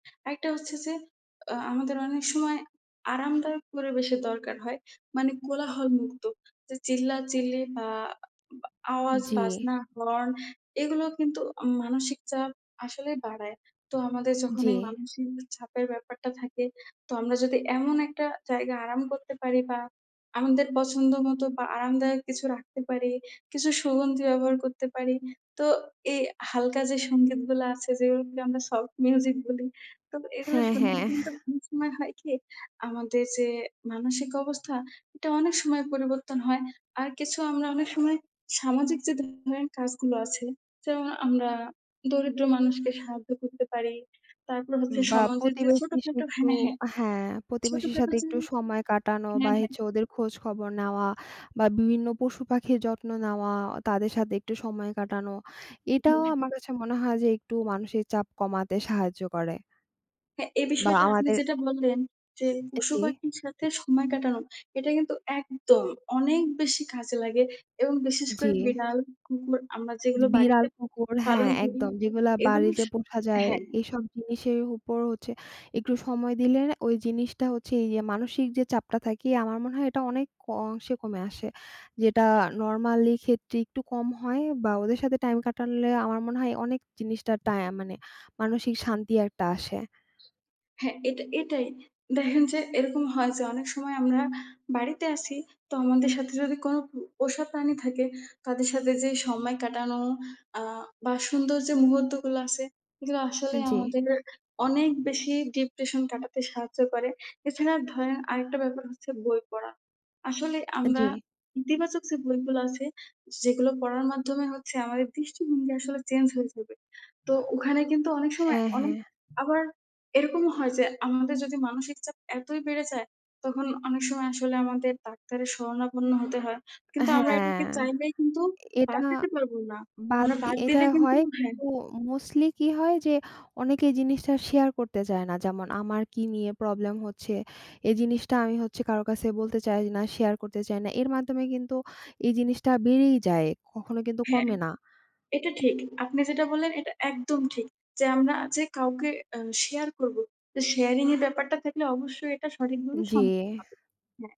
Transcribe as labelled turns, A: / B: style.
A: একটা হচ্ছে যে, আ আমাদের অনেক সময় আরামদায়ক পরিবেশের দরকার হয়। মানে কোলাহলমুক্ত, যে, চিল্লাচিল্লি আ বা আওয়াজ,
B: জ্বি।
A: বাজনা, হর্ন এগুলো কিন্তু অ মানসিক চাপ আসলেই বাড়ায়। তো আমাদের যখন
B: জ্বি।
A: এই মানসিক চাপের ব্যাপারটা থাকে, তো আমরা যদি এমন একটা জায়গায় আরাম করতে পারি বা আমাদের পছন্দমতো বা আরামদায়ক কিছু রাখতে পারি, কিছু সুগন্ধি ব্যবহার করতে পারি, তো এই হালকা যে, সংগীতগুলা আছে যেগুলোকে আমরা সফট মিউজিক বলি, তো এগুলো
B: হ্যা, হ্যা
A: শুনলেও কিন্তু অনেক সময় হয় কি আমাদের যে, মানসিক অবস্থা এটা অনেক সময় পরিবর্তন হয়। আর কিছু আমরা অনেক সময় সামাজিক যে, ধরনের কাজগুলো আছে, যেমন আমরা দরিদ্র মানুষকে সাহায্য করতে পারি, তারপর হচ্ছে
B: বা
A: সমাজের যে,
B: প্রতিবেশীর সাথে
A: ছোটখাটো,
B: একটু
A: হ্যা, হ্যা।
B: আ হ্যা, প্রতিবেশীর
A: ছোটখাটো
B: সাথে
A: যে
B: একটু সময় কাটানো
A: হ্যা,
B: বা
A: হ্যা।
B: হচ্ছে ওদের খোঁজ-খবর নেওয়া বা বিভিন্ন পশু-পাখির যত্ন নেওয়া, ও তাদের সাথে একটু সময় কাটানো
A: হু,
B: এটাও
A: হুম।
B: আমার কাছে মনে হয় যে, একটু মানসিক চাপ কমাতে সাহায্য করে।
A: হ্যা, এই
B: বা
A: বিষয়টা আপনি
B: আমাদের
A: যেটা বললেন যে,
B: এ জ্বি।
A: পশু-পাখির সাথে সময় কাটানো, এটা কিন্তু একদম অনেক বেশি কাজে লাগে এবং বিশেষ করে
B: জ্বি।
A: বিড়াল, কুকুর আমরা
B: যে,
A: যেগুলো
B: বিড়াল,
A: বাড়িতে
B: কুকুর, হ্যা।
A: পালন করি
B: একদম যেগুলা
A: এগুলো
B: বাড়িতে
A: স
B: পোষা যায়,
A: হ্যা।
B: এইসব জিনিসের উপর হচ্ছে একটু সময় দিলে না, ওই জিনিসটা হচ্ছে এই যে, মানসিক যে, চাপটা থাকি আমার মনে হয়, এটা অনেক ক অংশে কমে আসে। যেটা নরমালি ক্ষেত্রে একটু কম হয় বা ওদের সাথে টাইম কাটালে আমার মনে হয় অনেক জিনিসটার
A: [unintelligible]
B: টায়া মানে মানসিক শান্তি একটা আসে।
A: হ্যা, এটা এটাই। দেখেন যে, এরকম হয় যে, অনেক সময় আমরা বাড়িতে আছি তো আমাদের সাথে যদি কোন পো পোষা প্রাণী থাকে তাদের সাথে যে, সময় কাটানো আ বা সুন্দর যে, মুহূর্তগুলো আছে সেগুলো আসলেই
B: জ্বি।
A: আমাদেরকে অনেক বেশি ডিপ্রেশন কাটাতে সাহায্য করে, এছাড়া ধরেন আরেকটা ব্যাপার হচ্ছে বই পড়া। আসলে
B: এ্যা
A: আমরা
B: জ্বি।
A: ইতিবাচক যে, বইগুলা আছে, যেগুলো পড়ার মাধ্যমে হচ্ছে আমাদের দৃষ্টিভঙ্গি আসলে চেঞ্জ হয়ে যাবে। তো ওখানে কিন্তু অনেক সময়
B: হ্যা, হ্যা।
A: অনেক আবার এরকমও হয় যে, আমাদের যদি মানসিক চাপ এতই বেড়ে যায়। তখন অনেক সময় আসলে আমাদের ডাক্তারের শরণাপন্ন হতে হয়। কিন্তু আমরা
B: হ্যা।
A: এটাকে চাইলেই কিন্তু
B: এটা
A: বাদ দিতে পারব না।
B: বাদ
A: আমরা
B: দি
A: বাদ
B: এটা
A: দিলে কিন্তু
B: হয়
A: হ্যা।
B: [unintelligible] মোস্টলি কি হয় যে, অনেকে এই জিনিসটা শেয়ার করতে চায় না, যেমন আমার কি নিয়ে প্রবলেম হচ্ছে, এই জিনিসটা আমি হচ্ছে কারো কাছে বলতে চাই না, শেয়ার করতে চাই না। এর মাধ্যমে কিন্তু এই জিনিসটা বেড়েই যায় কখনো কিন্তু
A: হ্যা,
B: কমে না।
A: এটা ঠিক। আপনি যেটা বললেন এটা একদম ঠিক, যে, আমরা যে, কাউকে আ শেয়ার করব। শেয়ারিং এর ব্যাপারটা থাকলে অবশ্যই এটা সঠিকভাবে
B: জ্বি।
A: সমা হবে, হ্যা।